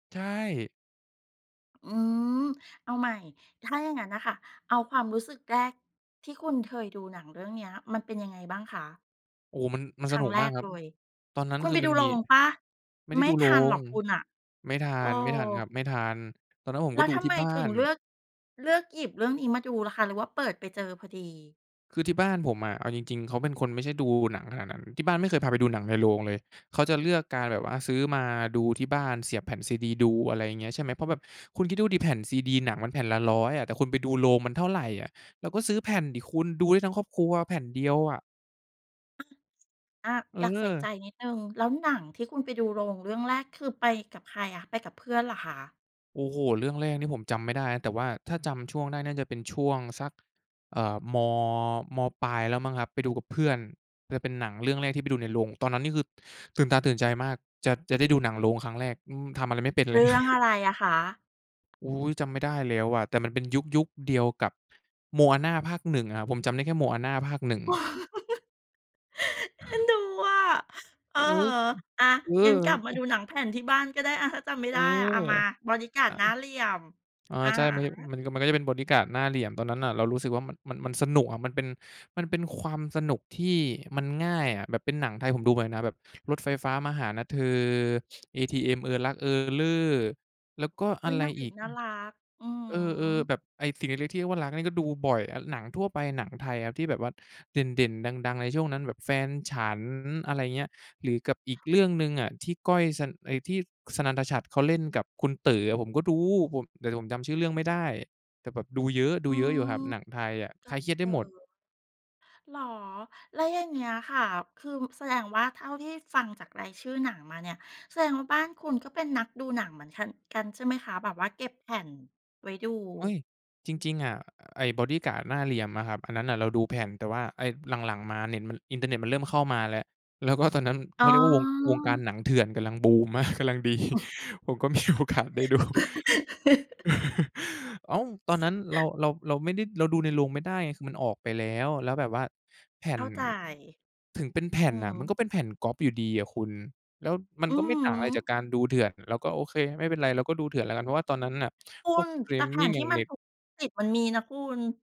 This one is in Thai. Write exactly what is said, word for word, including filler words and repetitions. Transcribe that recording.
ใช่ อืม เอาใหม่ ถ้าอย่างงั้นน่ะค่ะ เอาความรู้สึกแรก ที่คุณเคยดูหนังเรื่องเนี้ย มันเป็นยังไงบ้างคะ? โอ้ มัน มันคสรันุ้งกแรมากกครัเบ ลย ตอนนั้นคุณคืไอปมดัูนโมรี งเปล่า? ไม่ไดไ้ม่ดูโทรันหรง อกคุณน่ะ ไม่ทัเอน ไม่ทันครอ ับ ไม่ทัน ตอนนั้นผมแลก้็วดูทำทีไ่มบ้าถึงน เลือก เลือกหยิบเรื่องนี้มาดูล่ะคะ หรือว่าเปิดไปเจอพอดี? คือที่บ้านผมอะ เอาจริง ๆ เขาเป็นคนไม่ใช่ดูหนังขนาดนั้น ที่บ้านไม่เคยพาไปดูหนังในโรงเลย เขาจะเลือกการแบบว่าซื้อมาดูที่บ้านเสียบแผ่น CD ดู อะไรเงี้ย ใช่ไหม เพราะแบบคุณคิดดูสิ แผ่น CD หนังมันแผ่นละ ร้อย อะ แต่คุณไปดูโรงมันเท่าไรอะ เราก็ซื้อแผ่นสิคุณ ดูได้ทั้งครอบครัวแผ่นเดียวอะ อะ อา เอยากใส่ใจออ นิดหนึ่ง แล้วหนังที่คุณไปดูโรงเรื่องแรก คือไปกับใครอะ ไปกับเพื่อนเหรอคะ? โอ้โฮ เรื่องแรกเนี่ย ผมจำไม่ได้ แต่ว่าถ้าจำช่วงได้น่าจะเป็นช่วงสัก เอ่อ ม. ม.ปลายแล้วมั้งครับ ไปดูกับเพื่อน เออ เป็นหนังเรื่องแรกที่ไปดูในโรง ตอนนั้นนี่คือ ตื่นตาตื่นใจมาก จะ จะได้ดูหนังโรงครั้งแรก อือ ทำอะไรไม่เป็นเเลรย ื่องอะไรอะคะ? อุ๊ย จำไม่ได้แล้วอะ แต่มันเป็นยุค ยุคเดียวกับ Moana ภาค หนึ่ง อะ ผมจำได้แค่ Moana ภาค หนึ่ง เอ็นดูอะ อเอะอ ฮะ อะ เองั้นกลับมาดอ ูหนังแผ่นที่บ้านก็ได้อะ ถ้าจำไม่เอไอ ด้อะมา บอดี้การอ์ดา หน้าเหลี่ยม อ๋อ อะใช่ ฮมัน ย ะ มัน มันก็จะเป็นบอดี้การ์ดหน้าเหลี่ยม ตอนนั้นน่ะเรารู้สึกว่ามัน มัน มันสนุกอะ มันเป็น มันเป็นความสนุกที่มันง่ายอะ แบบเป็นหนังไทย ผมดูหมดเลยนะ แบบรถไฟฟ้ามาหานะเธอ ATM เออรัก เออเร่อ แล้วก็ออุะ๊ย ไรนางเออีกก น่ารัก อือฮอืม เออ ึ ๆ แบบ ไอ้สิ่งเล็ก ๆ ที่เรียกว่ารัก นี่ก็ดูบ่อยอะ หนังทั่วไปหนังไทยครับ ที่แบบว่าเด่น ๆ ดัง ๆ ในช่วงนั้นแบบ แฟนฉัน อะไรเงี้ย หรือกับอีกเรื่องหนึ่งอะ ที่ก้อยซัน ไอ้ที่ศนันธฉัตรเขาเล่นกับคุณเต๋ออะ ผมก็ดู ผม แต่ผมจำชื่อเรื่องไม่ได้ แต่แบบดูเยอะ ดูอืเยอะอยู่ม ครับหนังไทยอะ กคัลาบยเครียดเไตด้๋หมด อ เหรอ แล้วอย่างเงี้ยค่ะ คือ ม แสดงว่า เท่าที่ฟังจากรายชื่อหนังมาเนี่ย แสดงว่าบ้านคุณก็เป็นนักดูหนังเหมือนคัน กันใช่ไหมคะ? แบบว่าเก็บแผ่น ไว้ดู เฮ้ย จริง ๆ อะ ไอ้บอดี้การ์ดหน้าเหลี่ยมอะครับ อันนั้นน่ะเราดูแผ่น แต่ว่าไอ้หลัง ๆ มาเน็ตมัน อินเทอร์เน็ตมันเริ่มเข้ามาแล้ว แล้วก็ตอนนั้นเอข๋าเรียกว่าวง วงการอ หนังเถื่อนกำลังบูม มาก กำลังดี ผมก็มีโอกาสได้ดู อ้าว ตอนนั้นเรา เรา เราไม่ได้ เราดูในโรงไม่ได้ คือมันออกไปแล้ว แล้วแบบว่าแผ่เขน ้าใจ ถึงเป็นแผ่อืนอน่ะ ฮมันึ ก็เป็นแผ่นก๊อบอยู่ดีอะคุณ แล้วมันอืก็อไม่ต่างฮอะไรจาึ กการดูเถื่อน เราก็โอเคไม่เป็นไร เราก็ดูเถื่อนแล้วกัน เพราะว่าตอนนั้นน่ะ คุพวกณ สตรีแต่มแผม่ิงนทอยี่่างมัเนน็ต ถูก สิทธิ์มันมีนะคุณ